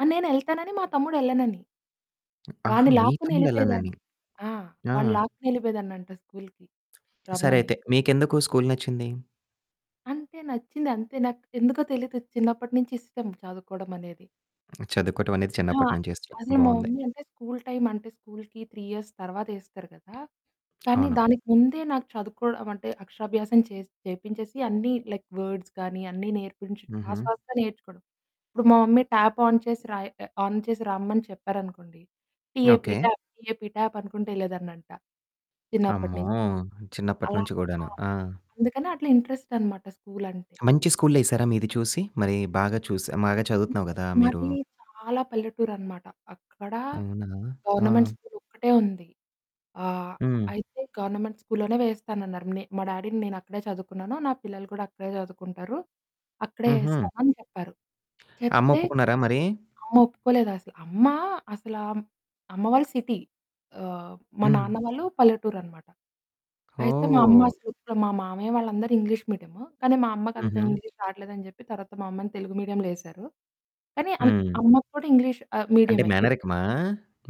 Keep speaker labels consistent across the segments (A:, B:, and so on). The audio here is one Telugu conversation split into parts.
A: ఆ! నేనెళ్తానని. మా తమ్ముడు ఎళ్ళనని. వాడ్ని
B: ఆహా! మీ
A: లాక్కుని
B: తమ్ముడు
A: ఎళ్ళిపోయేదాన్ని.
B: ఎళ్ళనని.
A: ఆ!
B: ఆ!
A: వాడ్ని లాక్కొనెళ్ళిపోయేదాన్నంట స్కూల్‌కి
B: సరే
A: రమ్మని.
B: అయితే. మీకెందుకు స్కూల్ నచ్చింది?
A: అంటే నచ్చిందంతే. నాక్ ఎందుకో తెలీదు చిన్నప్పటి నుంచి ఇష్టం చదువుకోవడమనేది.
B: చదువుకోవటం అనేది
A: ఆ!
B: చిన్నప్పటి నుంచి చేస్తున్నావు.
A: అదే మా
B: బావుంది.
A: మమ్మీ అంటే, స్కూల్ టైమ్ అంటే, స్కూల్‌కి 3 ఇయర్స్ తర్వాత ఏస్తారు గదా! కానీ,
B: అవును.
A: దానికి ముందే నాకు చదువుకోవడమంటే అక్షరాభ్యాసం చేసి చేపించేసి అన్నీ లైక్ వర్డ్స్ గానీ అన్నీ నేర్పించి,
B: హుహు.
A: ఫాస్ట్ ఫాస్ట్‌గా నేర్చుకోవడం. ఇప్పుడు మా మమ్మీ, ట్యాప్ ఆన్ చేసి రాయ్ ఆ ఆన్ చేసి రమ్మని చెప్పారనుకోండి, T A P
B: okay.
A: Tap, T A P tap అనుకుంటా ఎళ్ళేదాన్నంట చిన్నప్పటి
B: అమ్మో!
A: నించి. అలా.
B: చిన్నప్పటినుంచి
A: ఆ!
B: గూడాను. ఆ!
A: అందుకని అట్లా ఇంట్రెస్ట్ అన్నమాట స్కూలంటే.
B: మంచి స్కూల్లో ఏసారా మీ ఇది చూసి? మరి బాగా చూసి బాగా చదువుతున్నావు గదా! మీరు.
A: మాది చాలా పల్లెటూరనమాట. అక్కడ
B: అవునా!
A: గవర్నమెంట్
B: ఆ!
A: స్కూల్ ఒక్కటే ఉంది. ఆహ్,
B: హ్మ్.
A: అయితే గవర్నమెంట్ స్కూల్‌లోనే వేస్తానన్నారు. నే మా డ్యాడీ‌ నేనక్కడే చదువుకున్నాను. నా పిల్లలు కూడా అక్కడే చదువుకుంటారు అక్కడే
B: హుహు.
A: ఏస్తామని జెప్పారు.
B: అమ్మ
A: చెప్తే,
B: ఒప్పుకున్నారా మరి?
A: అమ్మ ఒప్పుకోలేదసలు. అమ్మ అసలా మ్ అమ్మ వాళ్ళు సిటీ. ఆహ్, మా
B: హ్మ్.
A: నాన్న వాళ్ళు పల్లెటూరనమాట. అయితే, మా అమ్మ
B: ఓహ్!
A: అసలు ఊరుకోలా. మా మామయ్య వాళ్ళందరు ఇంగ్లీష్ మీడియము. కానీ, మా అమ్మకంత
B: హుహు.
A: ఇంగ్లీష్ రాట్లేదని జెప్పి తర్వాత మా అమ్మని తెలుగు మీడియం‌లో ఏశారు. కానీ, అమ్
B: హ్మ్.
A: అమ్మకు కూడా ఇంగ్లీష్ ఆహ్,
B: అంటే,
A: మీడియమే. ఫి
B: మేనరికమా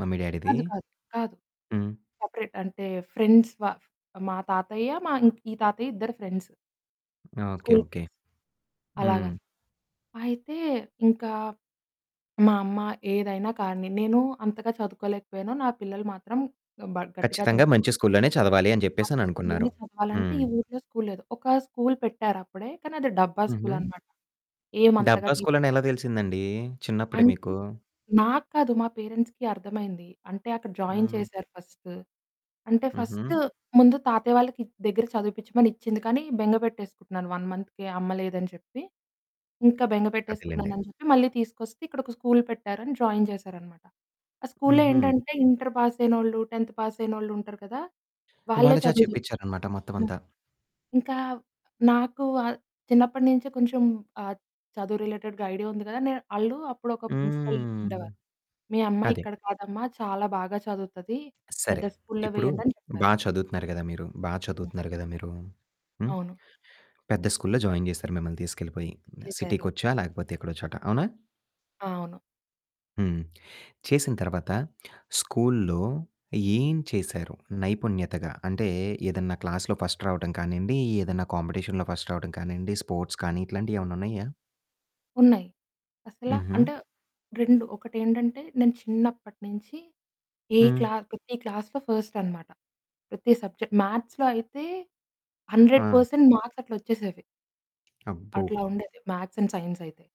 B: మమ్మీ, డ్యాడీ‌ది?
A: కాదు కాదు. కాదు.
B: హ్మ్.
A: సపరేట్. అంటే, ఫ్రెండ్స్ వా మా తాతయ్య, మా ఇంక్ ఈ తాతయ్య ఇద్దరు friends.
B: Okay.
A: School
B: okay.
A: Friends. అలాగా.
B: హ్మ్.
A: అయితే, ఇంకా మా అమ్మ ఏదైనా కానీ నేను అంతగా చదువుకోలేకపోయాను. నా పిల్లలు మాత్రం బా గట్టిగా
B: ఖచ్చితంగా
A: చదువుకో
B: మంచి స్కూల్‌లోనే చదవాలి అని
A: కానీ,
B: జెప్పేసి
A: స్కూల్‌లోనే
B: అననుకున్నారు.
A: చదవాలంటే
B: హ్మ్.
A: ఈ ఊరిలో స్కూల్ లేదు. ఒక స్కూల్ పెట్టారప్పుడే. కానీ, అది డబ్బా
B: హుహు.
A: స్కూలనమాట. ఏమంతగా
B: డబ్బా
A: టీచర్స్
B: స్కూలని ఎలా తెలిసిందండి చిన్నప్పుడే
A: అంటే,
B: మీకు?
A: నాకు కాదు మా పేరెంట్స్‌కి అర్థమైంది. అంటే, అక్కడ జాయిన్
B: హ్మ్.
A: చేశారు ఫస్ట్. అంటే, ఫస్ట్
B: హుహు.
A: ముందు తాతయ్య వాళ్ళకి దగ్గర చదివిపిచ్చమని ఇచ్చింది. కానీ, బెంగ బెట్టేసుకుంటున్నాను 1 మంత్‌కే అమ్మ లేదని చెప్పి. ఇంకా బెంగ
B: అదేలెండి.
A: పెట్టేసుకున్నానని జెప్పి మళ్ళీ తీసుకొస్తే ఇక్కడ ఒక స్కూల్ పెట్టారని జాయిన్ జేశారనమాట. ఆ స్కూల్‌లో
B: హుహు.
A: ఏంటంటే ఇంటర్ పాస్ అయినోళ్ళు, 10థ్ పాస్ అయినోళ్ళు ఉంటారు కదా! వాళ్ళే
B: వాళ్ళ చేత
A: చదువు జెప్పేది.
B: చెప్పిచ్చారన్నమాట మొత్తం అంతా.
A: ఇంకా నాకు వా చిన్నప్పటినుంచే కొంచెం ఆ! చదువు రిలేటెడ్‌గా ఐడియా ఉంది గదా! నేను ఆళ్ళు అప్పుడు ఒక ప్రిన్సిపల్
B: హ్మ్.
A: ఉండేవారు. మీ అమ్మాయి
B: అది.
A: ఇక్కడ కాదమ్మా, చాలా బాగా చదువుతది
B: సరే.
A: పెద్ద స్కూ‌ల్‌‌లో
B: ఇప్పుడు
A: వెయ్యండని చెప్పారు.
B: బా చదువుతున్నారు గదా మీరు బా
A: హ్మ్.
B: చదువుతున్నారు గదా మీరు హ్మ్.
A: అవును.
B: పెద్ద స్కూల్‌లో జాయిన్ జేశారు మిమ్మల్ని తీసుకెళ్ళిపోయి.
A: ఏశారు.
B: సిటీకొచ్చా? లేకపోతే ఎక్కడో చోట అవునా?
A: అవును.
B: హ్మ్. చేసిన తర్వాత, స్కూల్‌లో ఏం చేశారు నైపుణ్యతగా? అంటే, ఏదన్నా క్లాస్‌లో ఫస్ట్ రావడం కానీయండి, ఏదన్నా కాంపిటీషన్‌లో ఫస్ట్ రావడం కానీయండి, స్పోర్ట్స్ కానీ, ఇట్లాంటియేవన్నా ఉన్నాయా?
A: ఉన్నాయి. అసలా
B: హుహు.
A: అంటే 2 ఒకటేంటంటే నేను చిన్నప్పటి నించి ఏ
B: హ్మ్.
A: క్లాస్ ప్రతి క్లాస్‌లో ఫస్ట్ అన్నమాట. ప్రతి సబ్జెక్ట్ మ్యాథ్స్‌లో అయితే 100
B: ఆ!
A: పర్సెంట్ మార్క్స్ అట్లా ఒచ్చేసేవి.
B: అబ్బో!
A: అట్లా ఉండేది మ్యాథ్స్ అండ్ సైన్స్ అయితే.